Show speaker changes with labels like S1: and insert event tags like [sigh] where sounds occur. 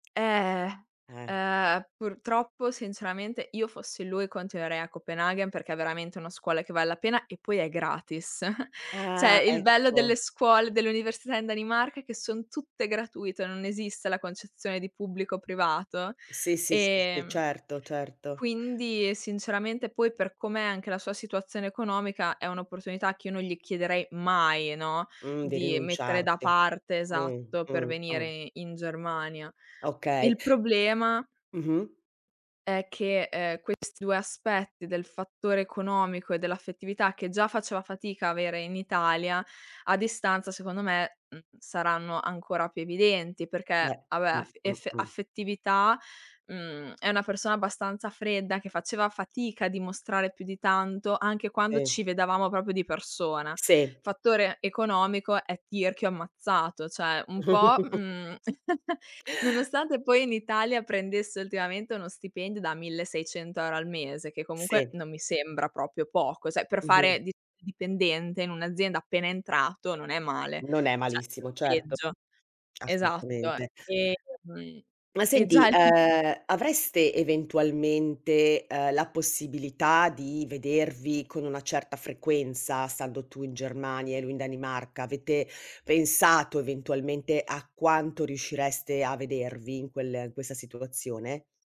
S1: Eh,
S2: Eh.
S1: ehm, purtroppo sinceramente io in fossi lui, continuerei a Copenaghen, perché è veramente una scuola che vale la pena e poi è gratis. [chuckles]
S2: Ah
S1: Cioè, il bello delle
S2: ecco.
S1: scuole, dell'università in Danimarca è che son tutte gratuite, non esiste la concezione di pubblico o privato.
S2: Sì, sì, sì, sì,
S1: Ehm,
S2: certo, certo.
S1: quindi sinceramente poi per come è anche la sua situazione economica, è un'opportunità che io non gli chiederei mai, no,
S2: Mh, di
S1: di mettere da
S2: rinunciarci.
S1: parte, esatto, per
S2: Mh-mh,
S1: venire
S2: mh.
S1: i in Germania.
S2: Okay.
S1: Il problema
S2: Mh-mh.
S1: è che ehm questi 2 aspetti del fattore economico e dell'affettività, che già faceva fatica a avere in Italia, a distanza secondo me, mhmm, saranno ancora più evidenti,
S2: Beh
S1: perché vabbè af
S2: mh-mh,
S1: effe
S2: mh.
S1: affettività, mhmm, è una persona abbastanza fredda, che faceva fatica a dimostrare più di tanto, anche quando
S2: Si.
S1: ci vedevamo proprio di persona.
S2: Si.
S1: Fattore economico: è tirchio ammazzato, cioè un po',
S2: [giggles]
S1: mhmm, [chuckles] nonostante poi in Italia prendesse ultimamente uno stipendio da 1600 € al mese, che comunque
S2: Sì.
S1: non mi sembra proprio poco, cioè per
S2: Mh-mh.
S1: fare di dipendente in un'azienda appena entrato non è male.
S2: Non è
S1: Cioè, c'è
S2: malissimo,
S1: di
S2: certo.
S1: peggio. Esatto.
S2: Assolutamente.
S1: Ehm,
S2: Ma
S1: e
S2: senti,
S1: già lì
S2: ehm, avreste eventualmente, ehm, la possibilità di vedervi con una certa frequenza stando tu in Germania e lui in Danimarca? Avete pensato eventualmente a quanto riuscireste a vedervi in quel in questa situazione?